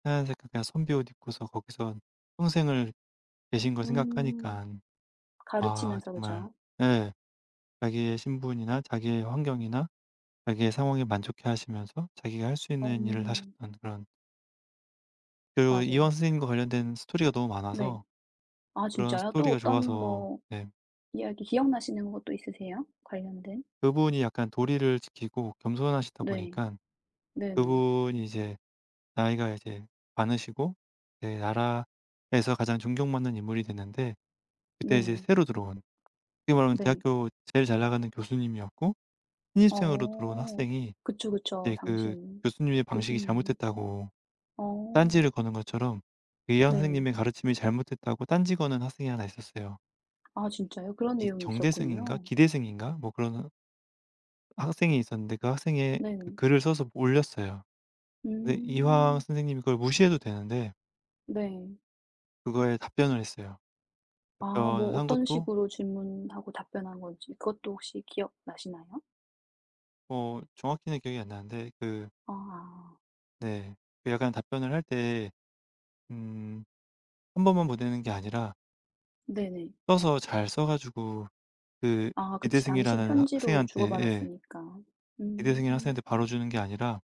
하얀 색깔 그냥 선비 옷 입고서 거기서 평생을 계신 걸 음. 생각하니깐 아 가르치면서 정말 그죠. 예 자기의 신분이나 자기의 환경이나 자기의 상황에 만족해하시면서 자기가 할 수 어. 있는 일을 하셨던 그런 그리고 이황 맞아요. 선생님과 관련된 스토리가 너무 네. 많아서 아 그런 진짜요. 또 스토리가 어떤 좋아서 뭐 네. 이야기 기억나시는 것 또 있으세요, 관련된? 그분이 약간 도리를 지키고 겸손하시다 네. 보니까 네네. 그분이 이제 나이가 이제 많으시고 예 나라에서 가장 존경받는 인물이 됐는데 그때 이제 네. 새로 들어온 어떻게 말하면 네. 대학교 제일 잘나가는 교수님이었고 신입생으로 들어온 어. 학생이 그쵸, 그쵸. 그때 그 당시에는 교수님의 방식이 교수님이. 잘못됐다고 어. 딴지를 거는 것처럼 이황 네. 선생님의 가르침이 잘못됐다고 딴지 거는 학생이 하나 있었어요. 아 진짜요, 그런 이 내용이 정대승인가? 있었군요. 기대승인가? 뭐 그러는 학생이 있었는데 그 학생이 그 네. 글을 써서 올렸어요. 근데 이황 음. 선생님이 그걸 무시해도 되는데 네. 그거에 답변을 했어요. 아. 뭐 답변을 한 어떤 것도 식으로 질문하고 답변한 건지 그것도 혹시 기억나시나요? 어 정확히는 기억이 안 나는데 그 아 아. 네. 그 약간 답변을 할 때 음 1 번만 보내는 게 아니라 네네. 써서 잘 써 가지고 그 아 그치. 당시에는 기대승이라는 편지로 학생한테 예. 주고받았으니까. 기대승이라는 음. 학생한테 바로 주는 게 아니라